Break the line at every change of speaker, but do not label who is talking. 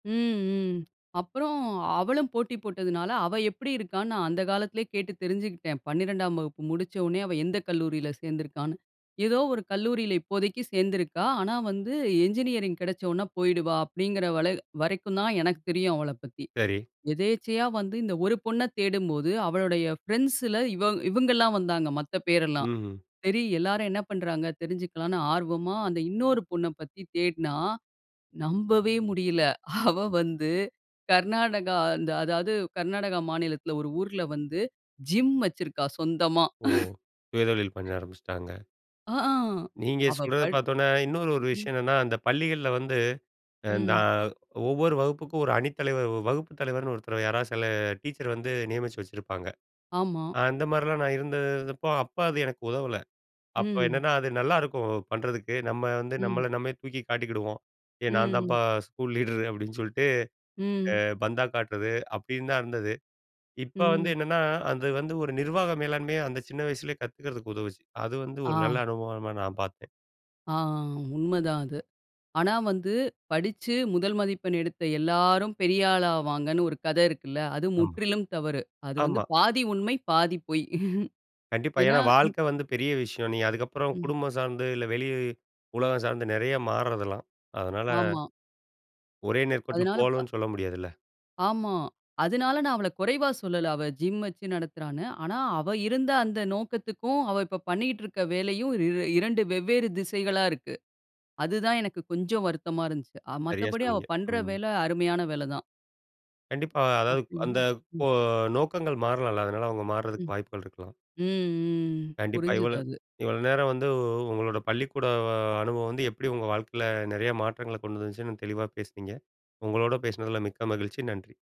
ம், ம். அப்புறம் அவளும் போட்டி போட்டதுனால, அவ எப்டி இருக்கான்னு நான் அந்த காலத்திலேயே கேட்டு தெரிஞ்சுக்கிட்டேன். 12ம் வகுப்பு முடிச்சோனே அவ எந்த கல்லூரியில சேர்ந்துருக்கான்னு. ஏதோ ஒரு கல்லூரியில இப்போதைக்கு சேர்ந்துருக்கா. ஆனா வந்து இன்ஜினியரிங் கெடைச்சவொன்னே போயிடுவா அப்டிங்கிற வரை வரைக்கும் தான் எனக்கு தெரியும் அவளைப் பத்தி.
சரி.
எதேச்சையா வந்து இந்த ஒரு பொண்ணை தேடும்போது அவளுடைய ஃப்ரெண்ட்ஸில இவ இவங்கள்லாம் வந்தாங்க மத்த பேரெல்லாம்.
ம்ஹ்ம்.
சரி எல்லாரும் என்ன பண்றாங்க தெரிஞ்சுக்கலான்னு ஆர்வமா அந்த இன்னொரு பொண்ண பத்தி தேடுனா நம்பவே முடியல. அவ வந்து கர்நாடகா அந்த அதாது கர்நாடகா மாநிலத்துல, ஒரு ஊர்ல வந்து ஜிம் வச்சிருக்கா சொந்தமா.
ஓஹோ! சுய தொழில் பண்ண ஆரம்பிச்சுட்டாங்க.
ஆ அஹ.
நீங்க
அவ
சொல்றத
படி
பாத்தவுன்னே இன்னொரு ஒரு
ம்.
விஷயம் என்னன்னா, அந்த பள்ளிகள்ல வந்து அ நா
ம்.
ஒவ்வொரு வகுப்புக்கும் ஒரு அணித்தலைவர் வ வ வகுப்பு தலைவர்ன்னு ஒருத்தர் யாரா சில டீச்சர் வந்து நியமிச்சு வச்சிருப்பாங்க.
ஆமா.
அந்த மாரிலாம் நான் இருந்தப்போ அப்ப அது எனக்கு உதவல. அப்ப
ம்.
என்னன்னா அது நல்லாருக்கும் பண்றதுக்கு நம்ம வந்து
ம்.
நம்மள நம்மே தூக்கி காட்டிக்கிடுவோம். "ஏய் நான்
ம்.
தான்ப்பா ஸ்கூல் லீடரு!" அப்டின்னு சொல்லிட்டு, அ
ம்.
பந்தா காட்றது அப்டின்னு தான் இருந்தது. இப்ப வந்து
ம்.
என்னன்னா அது வந்து ஒரு நிர்வாக மேலாண்மையை அந்த சின்ன வயசுலயே கத்துக்கிறதுக்கு உதவுச்சு. அது வந்து ஒரு நல்ல
ஆ.
அனுபவமா நான் பார்த்தேன்.
ஆ ஆ உண்ம தான் அது. ஆனா வந்து படிச்சு முதல் மதிப்பெண் எடுத்த எல்லாரும் பெரிய ஆள் ஆவாங்கன்னு ஒரு கதை இருக்குல்ல, அது
ஆமா.
முற்றிலும் தவறு. அது வந்து
ஆமா.
பாதி உண்ம பாதி பொய்.
கண்டிப்பா.
ஏன்னா
ஏன்னா
ம்.
வாழ்க்கை வந்து பெரிய விஷயம். நீ அதுக்கப்புறம்
ம்.
குடும்பம் சார்ந்து இல்ல, வெளி உலகம் சார்ந்து நெறைய மாறதலாம் அதனால
ஆமா.
ஒரே நேர்கோட்டுல
அதனால. ப
போவோம்னு சொல்ல முடியாதுல.
ஆமா. அதுனால நான் அவள குறைவா சொல்லல அவ ஜிம் வச்சு நடத்துறான்னு. ஆனா அவ இருந்த அந்த நோக்கத்துக்கும் அவ இப்ப பண்ணிட்டுருக்குற வேலையும் இரு 2 வெவ்வேறு திசைகளா இருக்கு. அதுதான் எனக்கு கொஞ்சம் வருத்தமா இருந்துச்சு.
சரியா
மத்தபடி அவ
சொன்னீங்க.
பண்ற
ம்.
வேல அருமையான வேல தான்.
கண்டிப்பா அதாவது
அப்டின்னா,
அந்த
ம்.
கோ நோக்கங்கள் மாறலாம்ல! அதனால அவங்க
ம்.
மார்றதுக்கு வாய்ப்புகள் இருக்கலாம்.
ம் ம்
கண்டிப்பா
புரிஞ்சது
இவ்வளோ
அது.
இவ்வளோ நேரம் வந்து உ உங்களோட பள்ளிக்கூட அனுபவம் வந்து எப்படி உங்க வாழ்க்கையில நிறைய மாற்றங்களை கொண்டு வந்துச்சுன்னு தெளிவா பேசினீங்க. உங்களோடு பேசினதுல மிக்க மகிழ்ச்சி நன்றி.